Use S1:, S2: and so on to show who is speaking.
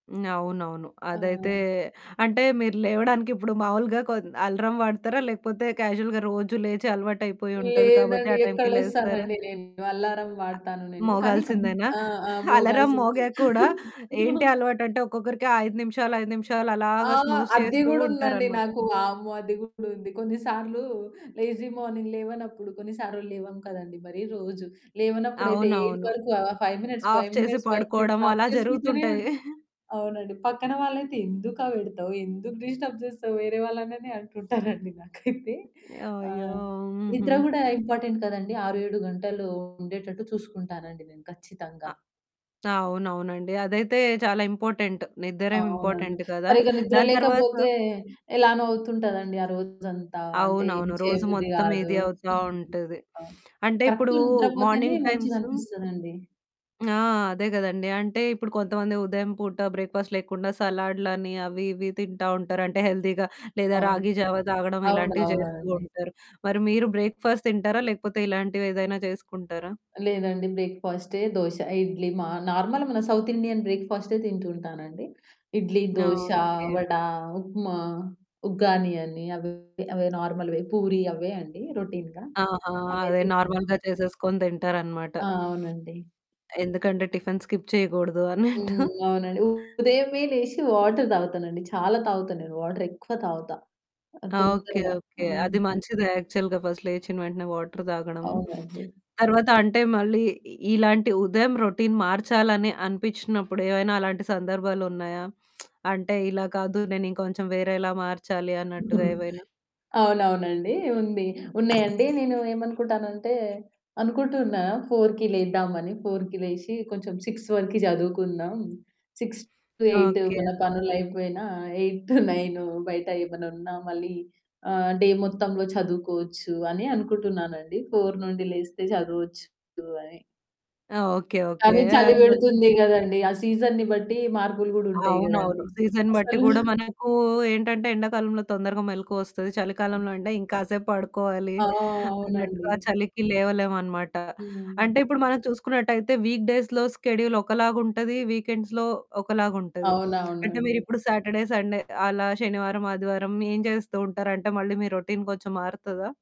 S1: హ్మ్. అవునవును. అదైతే
S2: ఆహ్
S1: అంటే మీరు లేవడానికి ఇప్పుడు మామూలుగా కొద్ అలరం వాడతారా? లేకపోతే క్యాజువల్‌గా రోజు లేచి అలవాటైపోయి ఉంటది కాబట్టి
S2: లేదండి.
S1: ఆ
S2: ఎక్కడ
S1: టైంకి లేస్తారా?
S2: లేస్తానండి నేను. అల్లారం
S1: అ
S2: వాడతాను నేను. కానీ కం
S1: మోగాల్సిందేనా?
S2: ఆ! ఆ!
S1: అలారం
S2: మోగాల్సింది.
S1: మోగాక కూడా ఏంటి అలవాటంటే, ఒక్కొక్కరికి 5 నిమిషాలు, 5 నిమిషాలు
S2: ఆ!
S1: అలాగా స్నూజ్
S2: అద్ది
S1: చేస్తూ
S2: గూడ ఉందండి
S1: ఉంటారనమాట.
S2: నాకు వామ్మో! అది కూడా ఉంది. కొన్నిసార్లు లేజీ మార్నింగ్ లేవనప్పుడు కొన్ని సార్లు లేవం కదండీ! మరీ రోజు. లేవనప్పుడైతే 8
S1: అవునవును.
S2: వరకు ఆహ్, 5 మినిట్స్,
S1: ఆఫ్
S2: 5
S1: చేసి
S2: మినిట్స్, 5
S1: పడుకోవడం
S2: మినిట్స్ ఆఫ్
S1: అలా
S2: చేసుకుంటూనే
S1: జరుగుతుంటాయి.
S2: ఉంటా. అవునండి. పక్కన వాళ్ళైతే, "ఎందుకా పెడతావు? ఎందుకు డిస్టర్బ్ చేస్తావు? వేరే వాళ్ళనని" అంటుంటారండి నాకైతే. ఆ!
S1: యాయో! హుహు.
S2: నిద్ర కూడా ఇంపార్టెంట్ కదండీ. 6, 7 గంటలు ఉండేటట్టు చూసుకుంటానండి నేను ఖచ్చితంగా.
S1: అ అవునవునండి. అదైతే చాలా ఇంపార్టెంట్. నిద్దర
S2: అవునండి.
S1: ఇంపార్టెంట్ కదా!
S2: సరిగ్గా నిద్ర
S1: దాని తర్వాత
S2: లేకపోతే ఎలానొ అవుతుంటానండి ఆరోజంతా. అంటే, ఏం
S1: అవునవును. రోజు
S2: చేయబుద్ది
S1: మొత్తం
S2: కాదు.
S1: ఇది అవుతా
S2: హ్మ్.
S1: ఉంటది.
S2: ఆ!
S1: అంటే
S2: కరెక్ట్‌
S1: ఇప్పుడు
S2: నిద్రపోతేనే
S1: మార్నింగ్
S2: మంచిగా
S1: టైమ్సు
S2: అనిపిస్తదండి.
S1: ఆ! అదే కదండీ! అంటే ఇప్పుడు కొంతమంది ఉదయం పూట బ్రేక్‌ఫాస్ట్ లేకుండా సలాడ్లని అవి, ఇవి తింటా ఉంటారు. అంటే హెల్తీగా లేదా
S2: అవును.
S1: రాగి జావ తాగడం ఇలాంటివి చేస్తూ
S2: అవునవునండి.
S1: ఉంటారు. మరి మీరు బ్రేక్‌ఫాస్ట్ తింటారా? లేకపోతే ఇలాంటివేదైనా చేసుకుంటారా?
S2: లేదండి బ్రేక్‌ఫాస్టే. దోశ, ఇడ్లీ మా నార్మల్ మన సౌత్ ఇండియన్ బ్రేక్‌ఫాస్టే తింటూ ఉంటానండి. ఇడ్లీ,
S1: ఆ!
S2: దోశ,
S1: ఓకే.
S2: వడ, ఉప్మా, ఉగ్గానీ అని అవె, అవే నార్మల్‌వే. పూరి అవే అండి రొటీన్‌గా.
S1: ఆహా!
S2: అవే
S1: అదే
S2: తింటుంటా.
S1: నార్మల్‌గా చేసేసుకొని తింటారనమాట.
S2: ఆ! అవునండి.
S1: ఎందుకంటే, టిఫిన్ స్కిప్ చేయకూడదు అన్నట్టు.
S2: హ్మ్. అవునండి. ఉదయమే లేషి వాటర్ తాగుతానండి. చాలా తాగుతా నేను వాటర్ ఎక్కువ తాగుతా.
S1: ఆ! ఓకే,
S2: తొందరగా.
S1: ఓకే.
S2: హ్మ్.
S1: అది మంచిది. యాక్చువల్‌గా ఫస్ట్ లేచ్చిన వెంటనే వాటర్ తాగడం.
S2: అవునండి.
S1: తర్వాత అంటే మళ్ళీ ఇ ఇలాంటి ఉదయం రొటీన్ మార్చాలని అనిపించినప్పుడు ఏవైనా అలాంటి సందర్భాలున్నాయా? అంటే ఇలా కాదు నేనింకొంచెం వేరేలా మార్చాలి అన్నట్టుగా ఏవైనా?
S2: అవునవునండి. ఉంది. ఉన్నాయండి. నేను ఏమనుకుంటానంటే అనుకుంటున్నా 4కి లేద్దామని 4కి లేచి కొంచెం 6 వరకి చదువుకుందాం. 6-8
S1: ఓకే.
S2: మన పనులు అయిపోయినా 8-9 బయట ఏమన్నా ఉన్నా మళ్ళీ ఆహ్, డే మొత్తంలో చదువుకోవచ్చు అని అనుకుంటున్నానండి. 4 నుండి లేస్తే చదవచ్చు అని.
S1: ఓకే. ఓకే.
S2: కాని
S1: ఆ!
S2: చలిపెడుతుంది
S1: [unintelligible]
S2: కదండీ! ఆ సీజన్‌ని బట్టి మార్పులు కూడా ఉంటాయి కదండీ!
S1: అవునవును. సీజన్ బట్టి
S2: అసలు
S1: కూడా మనకు ఏంటంటే, ఎండాకాలంలో తొందరగా మెలుకువొస్తది. చలికాలంలో అంటే ఇంకాసేపు పడుకోవాలి
S2: ఆ! అవునండి.
S1: అన్నట్టుగా చలికి లేవలేమనమాట. అంటే
S2: హ్మ్.
S1: ఇప్పుడు మనం చూసుకున్నట్టయితే వీక్ డేస్‌లొ స్కెడూల్ ఒకలాగుంటది. వీకెండ్స్‌లొ ఒకలాగుంటది. అంటే,
S2: అవునవునండి.
S1: మీరిప్పుడు సాటర్డే, సండే అలా శనివారం, ఆదివారం ఏం చేస్తూ ఉంటారంటే మళ్ళీ మీ రొటీన్ కొంచెం మారుతదా?